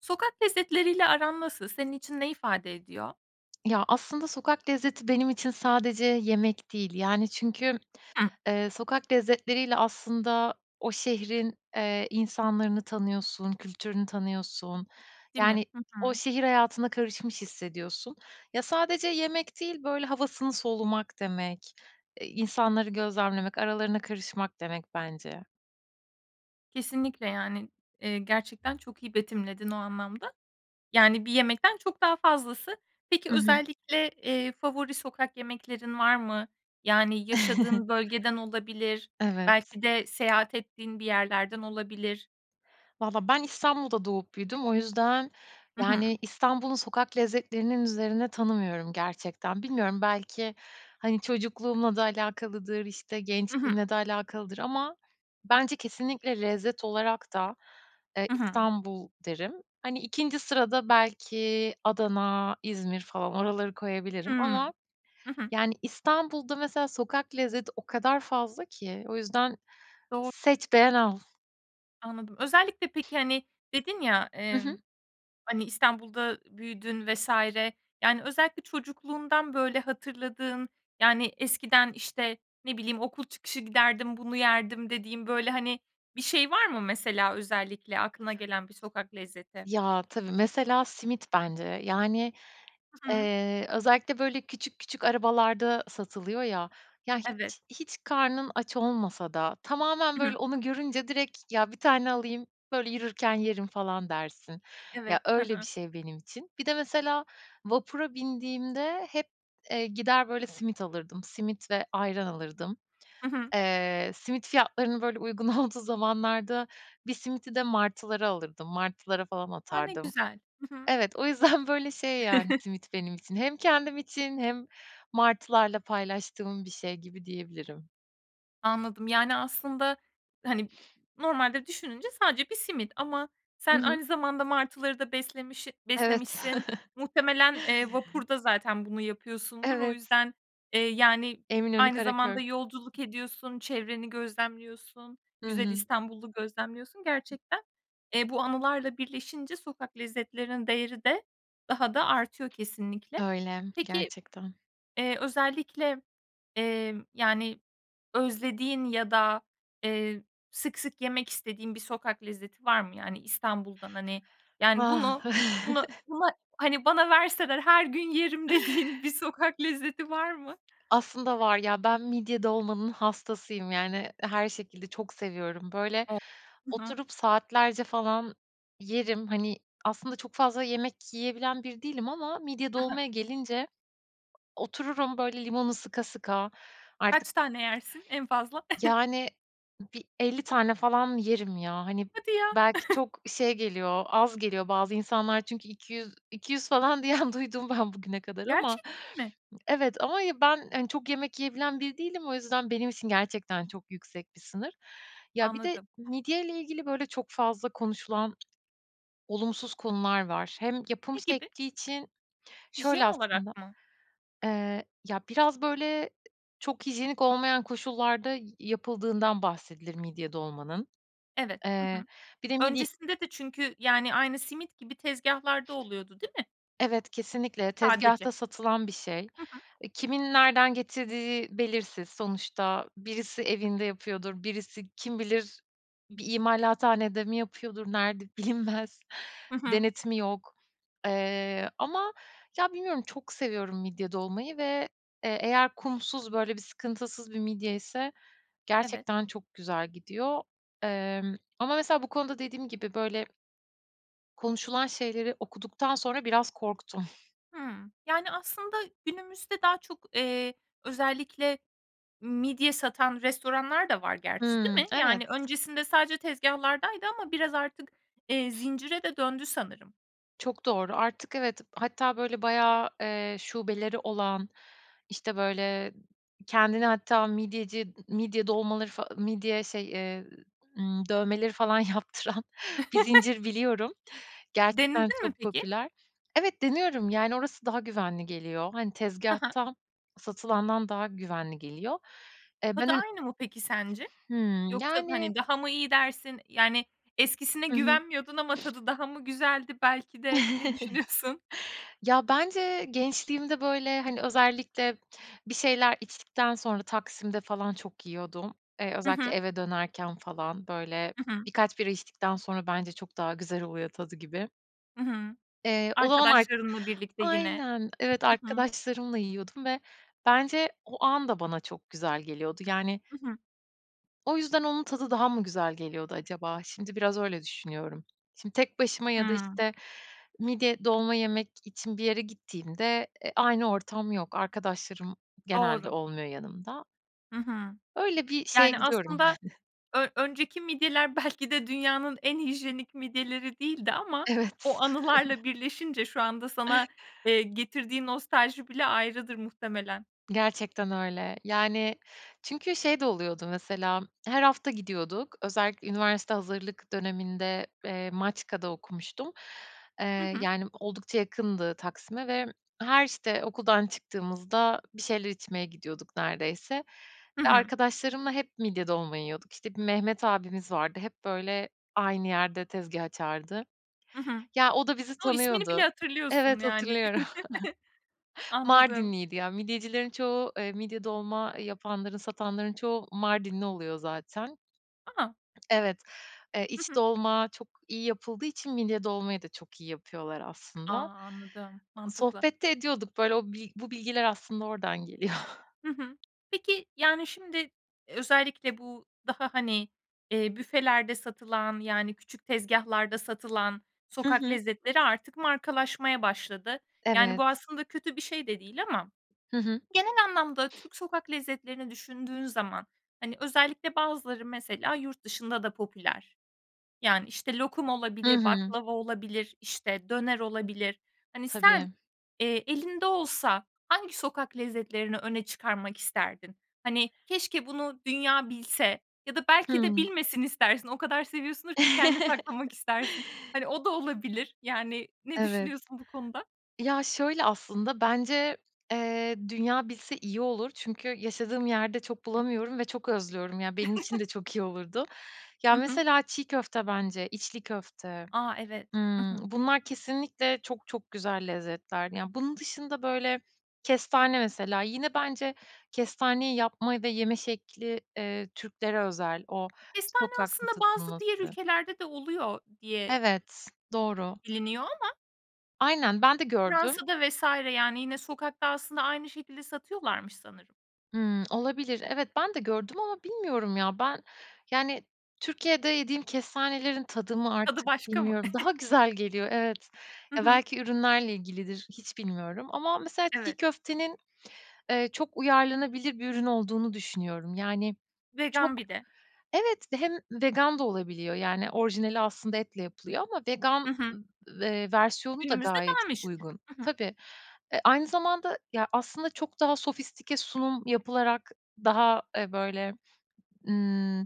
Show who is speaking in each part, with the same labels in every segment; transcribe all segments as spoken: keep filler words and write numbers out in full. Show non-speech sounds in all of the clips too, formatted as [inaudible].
Speaker 1: Sokak lezzetleriyle aran nasıl? Senin için ne ifade ediyor?
Speaker 2: Ya, aslında sokak lezzeti benim için sadece yemek değil. Yani, çünkü,
Speaker 1: Hı.
Speaker 2: eee, sokak lezzetleriyle aslında o şehrin, eee, insanlarını tanıyorsun, kültürünü tanıyorsun.
Speaker 1: Değil mi?
Speaker 2: Yani,
Speaker 1: Hı
Speaker 2: o
Speaker 1: hı.
Speaker 2: şehir hayatına karışmış hissediyorsun. Ya, sadece yemek değil, böyle havasını solumak demek. Eee, insanları gözlemlemek, aralarına karışmak demek bence.
Speaker 1: Kesinlikle, yani, eee, gerçekten çok iyi betimledin o anlamda. Yani, bir yemekten çok daha fazlası. Peki,
Speaker 2: Hı hı.
Speaker 1: özellikle, eee, favori sokak yemeklerin var mı? Yani, yaşadığın
Speaker 2: [chuckles]
Speaker 1: bölgeden olabilir,
Speaker 2: Evet.
Speaker 1: belki de seyahat ettiğin bir yerlerden olabilir.
Speaker 2: Valla, ben İstanbul'da doğup büyüdüm. O yüzden,
Speaker 1: Hı hı.
Speaker 2: yani, İstanbul'un sokak lezzetlerinin üzerine tanımıyorum, gerçekten. Bilmiyorum belki, hani, çocukluğumla da alakalıdır, işte,
Speaker 1: Hı hı.
Speaker 2: gençliğimle de alakalıdır ama bence kesinlikle lezzet olarak da, eee,
Speaker 1: Hı hı.
Speaker 2: İstanbul derim. Hani, ikinci sırada belki Adana, İzmir falan oraları koyabilirim.
Speaker 1: Hıı.
Speaker 2: Ama,
Speaker 1: Hı hı.
Speaker 2: yani, İstanbul'da, mesela, sokak lezzeti o kadar fazla ki o yüzden
Speaker 1: Doğru.
Speaker 2: seç, beğen, al.
Speaker 1: Anladım. Özellikle, peki, hani, dedin ya,
Speaker 2: Hı
Speaker 1: eee,
Speaker 2: hı.
Speaker 1: hani, İstanbul'da büyüdün vs. Yani, özellikle çocukluğundan, böyle, hatırladığın, yani, eskiden, işte, ne bileyim, "Okul çıkışı giderdim, bunu yerdim," dediğin, böyle, hani, bir şey var mı, mesela, özellikle aklına gelen bir sokak lezzeti?
Speaker 2: Ya, tabii. Mesela, simit bence. Yani,
Speaker 1: I hı.
Speaker 2: eee, özellikle, böyle, küçük küçük arabalarda satılıyor, ya. Ya,
Speaker 1: Evet.
Speaker 2: hiç hiç karnın aç olmasa da tamamen,
Speaker 1: I hı.
Speaker 2: böyle, onu görünce direkt, "Ya, bir tane alayım, böyle, yürürken yerim" falan dersin. Ya,
Speaker 1: Evet. Hı
Speaker 2: öyle bir
Speaker 1: hı.
Speaker 2: şey benim için. Bir de mesela vapura bindiğimde hep, eee, gider, böyle, simit alırdım, simit ve ayran alırdım.
Speaker 1: Hı hı.
Speaker 2: Eee, simit fiyatlarını, böyle, uygun olduğu zamanlarda bir simidi de martılara alırdım, martılara falan
Speaker 1: A! Ne
Speaker 2: atardım.
Speaker 1: güzel! Hı hı.
Speaker 2: Evet, o yüzden, böyle, şey, yani,
Speaker 1: [chuckles]
Speaker 2: simit benim için hem kendim için hem martılarla paylaştığım bir şey gibi diyebilirim.
Speaker 1: Anladım. Yani, aslında, hani, b normalde düşününce sadece bir simit ama
Speaker 2: Hı
Speaker 1: sen
Speaker 2: hı.
Speaker 1: aynı zamanda martıları da beslemişi
Speaker 2: Evet.
Speaker 1: beslemişsin
Speaker 2: [chuckles]
Speaker 1: muhtemelen, eee, vapurda zaten bunu yapıyorsundur o
Speaker 2: Evet.
Speaker 1: yüzden, eee, yani,
Speaker 2: Eminönü,
Speaker 1: aynı
Speaker 2: Karaköy.
Speaker 1: zamanda yolculuk ediyorsun, çevreni gözlemliyorsun.
Speaker 2: Hı
Speaker 1: Güzel
Speaker 2: hı.
Speaker 1: İstanbul'u gözlemliyorsun. Gerçekten, eee, bu anılarla birleşince sokak lezzetlerinin değeri de daha da artıyor kesinlikle.
Speaker 2: Öyle,
Speaker 1: Peki,
Speaker 2: gerçekten.
Speaker 1: eee, özellikle, eee, yani, özlediğin ya da, eee, sık sık yemek istediğin bir sokak lezzeti var mı? Yani, İstanbul'dan, hani, yani,
Speaker 2: Vah.
Speaker 1: bunu bunu
Speaker 2: [chuckles]
Speaker 1: buna, hani, bana verseler her gün yerim dediğin bir sokak lezzeti var mı?
Speaker 2: Aslında var ya, ben midye dolmanın hastasıyım, yani, her şekilde çok seviyorum. Böyle,
Speaker 1: O! Hı hı.
Speaker 2: oturup saatlerce falan yerim, hani, aslında çok fazla yemek yiyebilen biri değilim ama midye
Speaker 1: Hı hı.
Speaker 2: dolmaya gelince otururum, böyle, limonu sıka sıka artık
Speaker 1: Kaç tane yersin en fazla? [chuckles]
Speaker 2: Yani, bir elli tane falan yerim, ya. Hani,
Speaker 1: Hadi ya!
Speaker 2: belki
Speaker 1: [chuckles]
Speaker 2: çok şey geliyor, az geliyor bazı insanlar çünkü iki yüz iki yüz falan diyen duydum ben bugüne kadar ama
Speaker 1: Gerçekten mi?
Speaker 2: Evet, ama ben, hani, çok yemek yiyebilen biri değilim. O yüzden benim için gerçekten çok yüksek bir sınır. Ya, bir de
Speaker 1: Anladım.
Speaker 2: midyeyle ilgili böyle çok fazla konuşulan olumsuz konular var. Hem yapım
Speaker 1: Ne gibi?
Speaker 2: şekli için Şöyle,
Speaker 1: Hijyen
Speaker 2: aslında,
Speaker 1: olarak mı?
Speaker 2: eee, ya, biraz, böyle, çok hijyenik olmayan koşullarda yapıldığından bahsedilir midye dolmanın.
Speaker 1: Evet. Hı
Speaker 2: Eee,
Speaker 1: hı.
Speaker 2: bir de midye
Speaker 1: Öncesinde de çünkü, yani, aynı simit gibi tezgâhlarda oluyordu, değil mi?
Speaker 2: Evet, kesinlikle
Speaker 1: Sadece
Speaker 2: tezgahta satılan bir şey.
Speaker 1: Hı hı.
Speaker 2: Kimin nereden getirdiği belirsiz. Sonuçta birisi evinde yapıyordur, birisi kim bilir, bir imalathanede mi yapıyordur, nerede bilinmez.
Speaker 1: Hı hı.
Speaker 2: Denetimi yok. Eee, ama ya, bilmiyorum, çok seviyorum midye dolmayı ve, eee, eğer kumsuz, böyle, bir sıkıntısız bir midye ise
Speaker 1: Evet.
Speaker 2: gerçekten çok güzel gidiyor. Emm, ama mesela bu konuda dediğim gibi, böyle konuşulan şeyleri okuduktan sonra biraz korktum.
Speaker 1: Hımm. Yani, aslında günümüzde daha çok, eee, özellikle midye satan restoranlar da var gerçi, değil
Speaker 2: Hımm.
Speaker 1: mi?
Speaker 2: Evet.
Speaker 1: Yani, öncesinde sadece tezgahlardaydı ama biraz artık, eee, zincire de döndü sanırım.
Speaker 2: Çok doğru. Artık evet, hatta, böyle, bayağı, eee, şubeleri olan, işte, böyle, kendini hatta midyeci midye dolmaları fa midye şey, eee, ımm, dövmeleri falan yaptıran bir
Speaker 1: [chuckles]
Speaker 2: zincir biliyorum. Gerçekten
Speaker 1: Denedin mi
Speaker 2: çok
Speaker 1: peki?
Speaker 2: popüler. Evet, deniyorum, yani, orası daha güvenli geliyor. Hani,
Speaker 1: I hı.
Speaker 2: tezgâhtan satılandan daha güvenli geliyor. Eee, ben
Speaker 1: Tadı
Speaker 2: önün
Speaker 1: aynı mı peki sence?
Speaker 2: Hımm,
Speaker 1: Yoksa,
Speaker 2: yani
Speaker 1: hani, daha mı iyi dersin? Yani, eskisine
Speaker 2: Hı hı.
Speaker 1: güvenmiyordun ama tadı daha mı güzeldi, belki de, ne düşünüyorsun?
Speaker 2: [chuckles] Ya, bence gençliğimde, böyle, hani, özellikle bir şeyler içtikten sonra Taksim'de falan çok yiyordum. Eee,
Speaker 1: Hı
Speaker 2: özellikle
Speaker 1: hı.
Speaker 2: eve dönerken falan, böyle,
Speaker 1: Hı hı.
Speaker 2: bir kaç bira içtikten sonra bence çok daha güzel oluyor tadı gibi.
Speaker 1: I hı.
Speaker 2: Eee [unintelligible]
Speaker 1: Arkadaşlarınla birlikte yine
Speaker 2: Aynen, evet,
Speaker 1: I hı.
Speaker 2: arkadaşlarımla yiyordum ve bence o an da bana çok güzel geliyordu, yani
Speaker 1: I hı.
Speaker 2: o yüzden onun tadı daha mı güzel geliyordu acaba? Şimdi biraz öyle düşünüyorum. Şimdi tek başıma ya da,
Speaker 1: Hıı.
Speaker 2: işte, midye dolma yemek için bir yere gittiğimde, e, aynı ortam yok. Arkadaşlarım genelde
Speaker 1: Doğru.
Speaker 2: olmuyor yanımda.
Speaker 1: Hı hı.
Speaker 2: Öyle bir şeye
Speaker 1: Yani,
Speaker 2: gidiyorum.
Speaker 1: aslında
Speaker 2: [chuckles]
Speaker 1: ö önceki midyeler belki de dünyanın en hijyenik midyeleri değildi ama
Speaker 2: Evet.
Speaker 1: o anılarla
Speaker 2: [chuckles]
Speaker 1: birleşince şu anda sana, eee, getirdiği nostalji bile ayrıdır muhtemelen.
Speaker 2: Gerçekten öyle. Yani, çünkü şey de oluyordu mesela her hafta gidiyorduk. Özellikle üniversite hazırlık döneminde, eee, Maçka'da okumuştum.
Speaker 1: Hı
Speaker 2: Eee,
Speaker 1: hı.
Speaker 2: yani, oldukça yakındı Taksim'e ve her, işte, okuldan çıktığımızda bir şeyler içmeye gidiyorduk neredeyse.
Speaker 1: Hı
Speaker 2: Ve
Speaker 1: hı.
Speaker 2: arkadaşlarımla hep midye dolma yiyorduk. İşte, bir Mehmet abimiz vardı hep, böyle, aynı yerde tezgâh açardı.
Speaker 1: I hı.
Speaker 2: Ya, o da bizi
Speaker 1: O! İsmini bile
Speaker 2: tanıyordu.
Speaker 1: hatırlıyorsun
Speaker 2: Evet,
Speaker 1: yani.
Speaker 2: hatırlıyorum.
Speaker 1: [giggles]
Speaker 2: [chuckles]
Speaker 1: Anladım.
Speaker 2: Mardinliydi ya. Midyecilerin çoğu, eee, midye dolma yapanların, satanların çoğu Mardinli oluyor zaten.
Speaker 1: A!
Speaker 2: Evet, eee,
Speaker 1: Hı
Speaker 2: iç
Speaker 1: hı.
Speaker 2: dolma çok iyi yapıldığı için midye dolmayı da çok iyi yapıyorlar
Speaker 1: A!
Speaker 2: aslında.
Speaker 1: Anladım,
Speaker 2: O
Speaker 1: mantıklı.
Speaker 2: sohbet de ediyorduk böyle. O bil bu bilgiler aslında oradan geliyor. [chuckles]
Speaker 1: Hı hı. Peki, yani, şimdi, özellikle bu daha, hani, eee, büfelerde satılan, yani, küçük tezgâhlarda satılan
Speaker 2: Hı
Speaker 1: sokak
Speaker 2: hı.
Speaker 1: lezzetleri artık markalaşmaya başladı. Yani, bu
Speaker 2: Evet.
Speaker 1: aslında kötü bir şey de değil ama
Speaker 2: Hı hı.
Speaker 1: genel anlamda Türk sokak lezzetlerini düşündüğün zaman, hani, özellikle bazıları mesela yurt dışında da popüler. Yani, işte, lokum
Speaker 2: Hı
Speaker 1: olabilir,
Speaker 2: hı.
Speaker 1: baklava olabilir, işte, döner olabilir. Hani, sen,
Speaker 2: Tabii.
Speaker 1: eee, elinde olsa hangi sokak lezzetlerini öne çıkarmak isterdin? Hani, keşke bunu dünya bilse ya da belki de
Speaker 2: Hıı.
Speaker 1: bilmesin istersin. O kadar seviyorsundur ki kendine saklamak
Speaker 2: [chuckles]
Speaker 1: istersin. Hani, o da olabilir. Yani, ne
Speaker 2: Evet.
Speaker 1: düşünüyorsun bu konuda?
Speaker 2: Ya, şöyle aslında bence, eee, dünya bilse iyi olur. Çünkü yaşadığım yerde çok bulamıyorum ve çok özlüyorum ya benim için de
Speaker 1: [chuckles]
Speaker 2: çok iyi olurdu. Ya,
Speaker 1: Hı hı.
Speaker 2: mesela çiğ köfte bence, içli köfte.
Speaker 1: A! Evet. I
Speaker 2: Imm,
Speaker 1: hı.
Speaker 2: bunlar kesinlikle çok çok güzel lezzetlerdi. Yani, bunun dışında, böyle, kestane mesela yine bence kestaneyi yapma ve yeme şekli, eee, Türklere özel o
Speaker 1: Kestane
Speaker 2: sokakta
Speaker 1: aslında bazı diğer
Speaker 2: satılması.
Speaker 1: ülkelerde de oluyor diye
Speaker 2: Evet, doğru.
Speaker 1: biliniyor ama.
Speaker 2: Aynen, ben de gördüm
Speaker 1: Fransa'da vs. yani, yine sokakta aslında aynı şekilde satıyorlarmış sanırım.
Speaker 2: Imm, olabilir. Evet, ben de gördüm ama bilmiyorum ya ben, yani, Türkiye'de yediğim kestanelerin tadı mı
Speaker 1: Tadı
Speaker 2: artık
Speaker 1: başka mı?
Speaker 2: bilmiyorum, daha
Speaker 1: [chuckles]
Speaker 2: güzel geliyor, evet.
Speaker 1: Hı
Speaker 2: Ya,
Speaker 1: hı.
Speaker 2: belki ürünlerle ilgilidir. Hiç bilmiyorum ama mesela çiğ
Speaker 1: Evet.
Speaker 2: köftenin, eee, çok uyarlanabilir bir ürün olduğunu düşünüyorum. Yani, çok
Speaker 1: Vegan bir de.
Speaker 2: Evet ve hem vegan da olabiliyor. Yani, orijinali aslında etle yapılıyor ama vegan
Speaker 1: Hı hı.
Speaker 2: v eee, versiyonu da
Speaker 1: Günümüzde
Speaker 2: gayet
Speaker 1: daha meşhur.
Speaker 2: uygun.
Speaker 1: I hı.
Speaker 2: Tabii. Eee, aynı zamanda ya aslında çok daha sofistike sunum yapılarak daha, eee, böyle, ııı,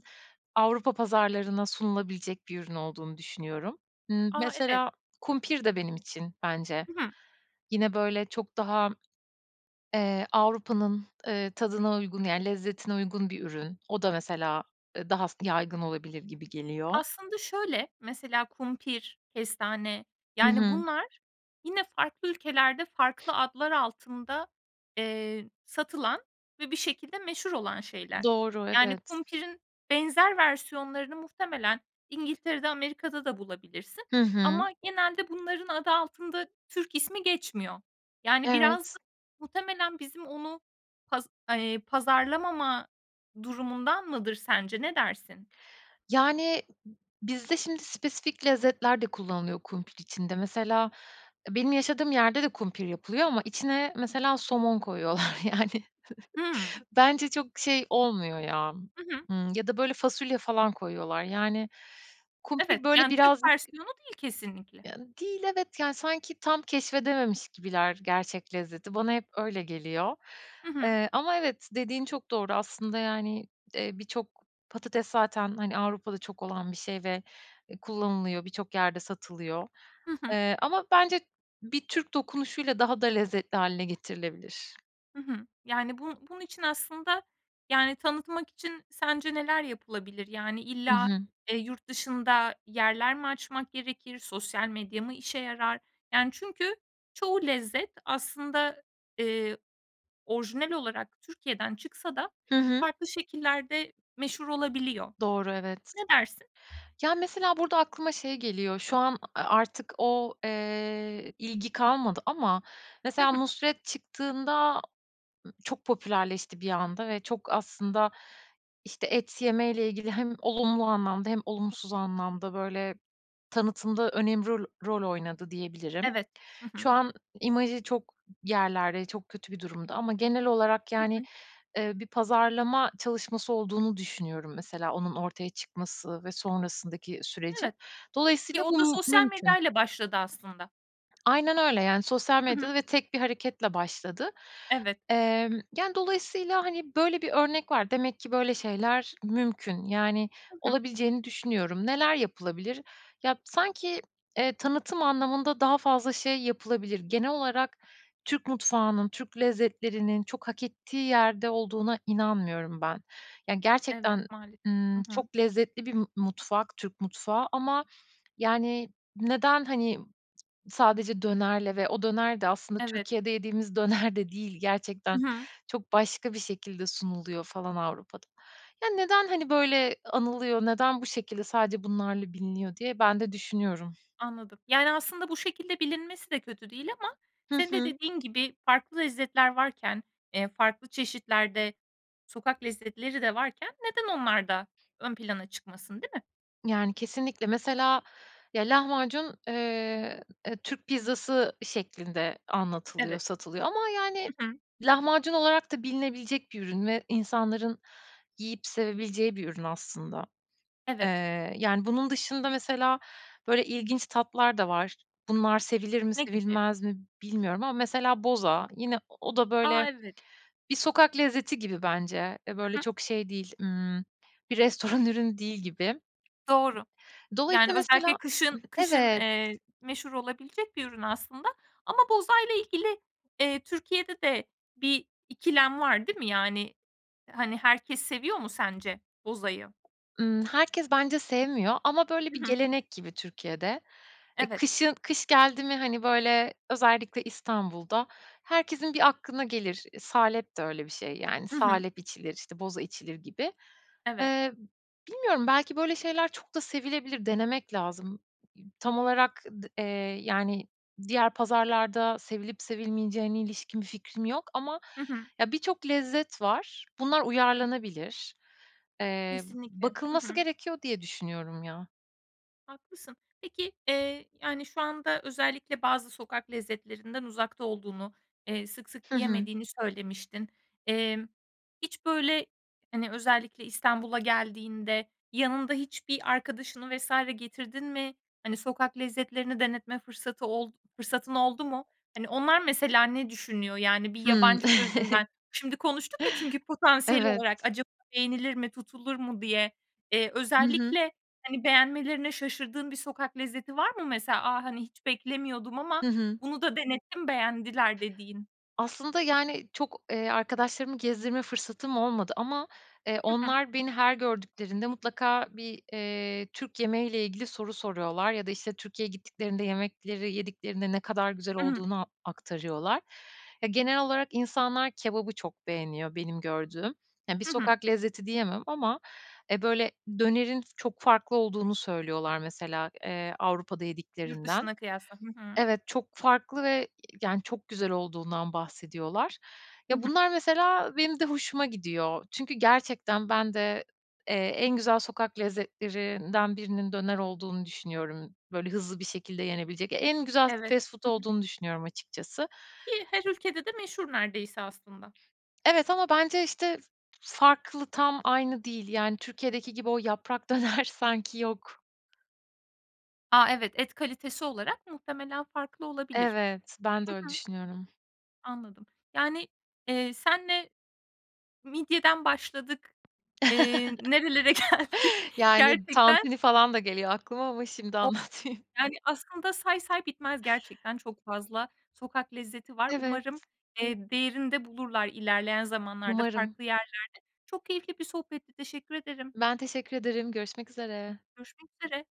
Speaker 2: Avrupa pazarlarına sunulabilecek bir ürün olduğunu düşünüyorum. Iıı,
Speaker 1: A. Evet.
Speaker 2: mesela kumpir de benim için bence
Speaker 1: Hı hı.
Speaker 2: yine böyle çok daha, eee, Avrupa'nın, eee, tadına uygun, ya, lezzetine uygun bir ürün. O da mesela, eee, daha s yaygın olabilir gibi geliyor.
Speaker 1: Aslında şöyle; mesela kumpir, kestane,
Speaker 2: Hı
Speaker 1: yani,
Speaker 2: hı.
Speaker 1: bunlar yine farklı ülkelerde, farklı adlar altında, eee, satılan ve bir şekilde meşhur olan şeyler.
Speaker 2: Doğru,
Speaker 1: Yani,
Speaker 2: evet.
Speaker 1: kumpirin benzer versiyonlarını muhtemelen İngiltere'de, Amerika'da da bulabilirsin
Speaker 2: Hı hı.
Speaker 1: ama genelde bunların adı altında Türk ismi geçmiyor. Yani, biraz da
Speaker 2: Evet.
Speaker 1: muhtemelen bizim onu paz eee, pazarlamama durumundan mıdır sence, ne dersin?
Speaker 2: Yani, b bizde şimdi spesifik lezzetler de kullanılıyor kumpir içinde. Mesela, eee, benim yaşadığım yerde de kumpir yapılıyor ama içine mesela somon koyuyorlar yani.
Speaker 1: Hıı.
Speaker 2: [chuckles] Bence çok şey olmuyor ya,
Speaker 1: Hı hı.
Speaker 2: ımm, ya da böyle fasulye falan koyuyorlar, yani,
Speaker 1: Evet,
Speaker 2: kumpir böyle
Speaker 1: yani, Türk
Speaker 2: birazcık
Speaker 1: versiyonu değil kesinlikle.
Speaker 2: Yani, değil evet, yani, sanki tam keşfedememiş gibiler gerçek lezzeti. Bana hep öyle geliyor.
Speaker 1: Hı hı.
Speaker 2: Eee, ama evet, dediğin çok doğru aslında, yani, eee, birçok patates zaten, hani, Avrupa'da çok olan bir şey ve, eee, kullanılıyor birçok yerde satılıyor.
Speaker 1: Hı hı.
Speaker 2: Eee, ama bence bir Türk dokunuşuyla daha da lezzetli hâline getirilebilir.
Speaker 1: Hı hı. Yani, bun bunun için aslında, yani, tanıtmak için sence neler yapılabilir? Yani,
Speaker 2: Hı
Speaker 1: illa,
Speaker 2: hı.
Speaker 1: eee, yurt dışında yerler mi açmak gerekir? Sosyal medya mı işe yarar? Yani, çünkü çoğu lezzet aslında, eee, orijinal olarak Türkiye'den çıksa da
Speaker 2: Hı hı.
Speaker 1: farklı şekillerde meşhur olabiliyor.
Speaker 2: Doğru, evet.
Speaker 1: Ne dersin?
Speaker 2: Ya, mesela, burada aklıma şey geliyor, şu an a artık o, eee, ilgi kalmadı ama
Speaker 1: Hı
Speaker 2: mesela
Speaker 1: hı.
Speaker 2: Nusret çıktığında ı çok popülerleşti bir anda ve çok aslında, işte, et yemeyle ilgili hem olumlu anlamda hem olumsuz anlamda, böyle, tanıtım da önem ro rol oynadı, diyebilirim.
Speaker 1: Evet, hı hı.
Speaker 2: Şu an imajı çok yerlerde, çok kötü bir durumda ama genel olarak,
Speaker 1: Hı
Speaker 2: yani,
Speaker 1: hı.
Speaker 2: eee, bir pazarlama çalışması olduğunu düşünüyorum mesela onun ortaya çıkması ve sonrasındaki sürecin.
Speaker 1: Evet, ki
Speaker 2: Dolayısıyla
Speaker 1: o da
Speaker 2: bu
Speaker 1: sosyal
Speaker 2: mümkün.
Speaker 1: medyayla başladı aslında.
Speaker 2: Aynen öyle. Yani, sosyal
Speaker 1: Hı hı.
Speaker 2: medyada ve tek bir hareketle başladı.
Speaker 1: Evet.
Speaker 2: Emm, yani, dolayısıyla, hani, böyle bir örnek var. Demek ki böyle şeyler mümkün. Yani,
Speaker 1: Hı hı.
Speaker 2: olabileceğini düşünüyorum. Neler yapılabilir? Ya b sanki, eee, tanıtım anlamında daha fazla şey yapılabilir. Genel olarak Türk mutfağının, Türk lezzetlerinin çok hak ettiği yerde olduğuna inanmıyorum ben. Ya
Speaker 1: Evet,
Speaker 2: gerçekten,
Speaker 1: maalesef. Hı
Speaker 2: ımm,
Speaker 1: hı.
Speaker 2: çok lezzetli bir m mutfak Türk mutfağı ama, yani, neden, hani, sadece dönerle ve o döner de aslında
Speaker 1: Evet.
Speaker 2: Türkiye'de yediğimiz döner de değil, gerçekten.
Speaker 1: Hı hı.
Speaker 2: Çok başka bir şekilde sunuluyor falan Avrupa'da. Ya neden, hani, böyle anılıyor, neden bu şekilde sadece bunlarla biliniyor, diye ben de düşünüyorum.
Speaker 1: Anladım. Yani, aslında bu şekilde bilinmesi de kötü değil ama
Speaker 2: Hı
Speaker 1: senin de
Speaker 2: hı.
Speaker 1: dediğin gibi farklı lezzetler varken, eee, farklı çeşitlerde sokak lezzetleri de varken neden onlar da ön plana çıkmasın, değil mi?
Speaker 2: Yani, kesinlikle. Mesela, ya, lahmacun, eee, e, Türk pizzası şeklinde anlatılıyor,
Speaker 1: Evet.
Speaker 2: satılıyor ama, yani,
Speaker 1: Hı hı.
Speaker 2: lahmacun olarak da bilinebilecek bir ürün ve insanların yiyip sevebileceği bir ürün aslında.
Speaker 1: Evet.
Speaker 2: Eee, yani, bunun dışında mesela, böyle, ilginç tatlar da var. Bunlar sevilir mi,
Speaker 1: Ne gibi?
Speaker 2: sevilmez mi bilmiyorum ama mesela boza. Yine o o da,
Speaker 1: A!
Speaker 2: böyle,
Speaker 1: Evet.
Speaker 2: bir sokak lezzeti gibi bence. E,
Speaker 1: Hı
Speaker 2: böyle
Speaker 1: hı.
Speaker 2: çok şey değil, ımm, bir restoran ürünü değil gibi.
Speaker 1: Doğru. Yani,
Speaker 2: Dolayısıyla
Speaker 1: özellikle
Speaker 2: mesela, ıh
Speaker 1: kışın kışın,
Speaker 2: evet.
Speaker 1: eee, meşhur olabilecek bir ürün aslında ama bozayla ilgili, eee, Türkiye'de de bir ikilem var, değil mi, yani? Hani, herkes seviyor mu sence bozayı?
Speaker 2: Imm, herkes bence sevmiyor ama, böyle,
Speaker 1: Hı
Speaker 2: bir
Speaker 1: hı.
Speaker 2: gelenek gibi Türkiye'de. E,
Speaker 1: Evet.
Speaker 2: kışın kış geldi mi, hani, böyle, özellikle İstanbul'da herkesin bir aklına gelir. E, salep de öyle bir şey, yani,
Speaker 1: Hı hı.
Speaker 2: salep içilir, işte, boza içilir gibi.
Speaker 1: Evet.
Speaker 2: Eee, bilmiyorum belki böyle şeyler çok da sevilebilir, denemek lazım. İ tam olarak d eee, yani, diğer pazarlarda sevilip sevilmeyeceğine ilişkin bir fikrim yok ama,
Speaker 1: Hı hı.
Speaker 2: ya, birçok lezzet var. Bunlar uyarlanabilir. Eee,
Speaker 1: Kesinlikle. Hı
Speaker 2: bakılması
Speaker 1: hı.
Speaker 2: gerekiyor diye düşünüyorum, ya.
Speaker 1: Haklısın. Peki, eee, yani, şu anda özellikle bazı sokak lezzetlerinden uzakta olduğunu, eee, sık sık
Speaker 2: Hı hı.
Speaker 1: yiyemediğini söylemiştin. Eee, hiç, böyle, hani, özellikle İstanbul'a geldiğinde yanında hiçbir arkadaşını vs. getirdin mi? Hani, sokak lezzetlerini denetme fırsatı oldu fırsatın oldu mu? Hani, onlar mesela ne düşünüyor? Yani, bir
Speaker 2: Hımm.
Speaker 1: yabancı
Speaker 2: [chuckles]
Speaker 1: gözünden şimdi konuştuk ya çünkü potansiyel
Speaker 2: Evet.
Speaker 1: olarak acaba beğenilir mi, tutulur mu diye. Eee,
Speaker 2: Hı hı.
Speaker 1: özellikle, hani, beğenmelerine şaşırdığın bir sokak lezzeti var mı mesela? "A, hani, hiç beklemiyordum ama
Speaker 2: Hı hı.
Speaker 1: bunu da denettim, beğendiler." dediğin.
Speaker 2: Aslında, yani, çok, eee, arkadaşlarımı gezdirme fırsatım olmadı ama, eee,
Speaker 1: Hı hı.
Speaker 2: onlar beni her gördüklerinde mutlaka bir, eee, Türk yemeği ile ilgili soru soruyorlar. Ya da, işte, Türkiye'ye gittiklerinde yemekleri yediklerinde ne kadar güzel
Speaker 1: I hı.
Speaker 2: olduğunu aktarıyorlar. E, genel olarak insanlar kebabı çok beğeniyor benim gördüğüm. Ya, bir
Speaker 1: Hı hı.
Speaker 2: sokak lezzeti diyemem ama, eee, böyle, dönerin çok farklı olduğunu söylüyorlar mesela, eee, Avrupa'da
Speaker 1: Yurt
Speaker 2: yediklerinden.
Speaker 1: dışına kıyasla Hı hı.
Speaker 2: Evet, çok farklı ve [unintelligible] yani, çok güzel olduğundan bahsediyorlar.
Speaker 1: Hı
Speaker 2: Ya,
Speaker 1: hı.
Speaker 2: bunlar mesela benim de hoşuma gidiyor. Çünkü gerçekten ben de, eee, en güzel sokak lezzetlerinden birinin döner olduğunu düşünüyorum. Böyle, hızlı bir şekilde yenebilecek en güzel
Speaker 1: Evet.
Speaker 2: fast food
Speaker 1: Hı hı.
Speaker 2: olduğunu düşünüyorum açıkçası.
Speaker 1: Ki her ülkede de meşhur neredeyse aslında.
Speaker 2: Evet, ama bence işte farklı tam aynı değil. Yani, Türkiye'deki gibi o yaprak döner sanki yok.
Speaker 1: A, evet, et kalitesi olarak muhtemelen farklı olabilir.
Speaker 2: Evet, ben de
Speaker 1: Hı
Speaker 2: öyle
Speaker 1: hı.
Speaker 2: düşünüyorum.
Speaker 1: Anladım. Yani, eee, senle midyeden başladık, eee,
Speaker 2: [chuckles]
Speaker 1: nerelere geldik
Speaker 2: Yani,
Speaker 1: gerçekten
Speaker 2: tantuni falan da geliyor aklıma ama şimdi
Speaker 1: O
Speaker 2: anlatmayayım.
Speaker 1: yani, aslında say say bitmez gerçekten çok fazla sokak lezzeti var.
Speaker 2: Evet.
Speaker 1: Umarım, eee, değerini de bulurlar ilerleyen zamanlarda
Speaker 2: Umarım.
Speaker 1: farklı yerlerde. Çok keyifli bir sohbetti teşekkür ederim.
Speaker 2: Ben teşekkür ederim. Görüşmek üzere.
Speaker 1: Görüşmek üzere.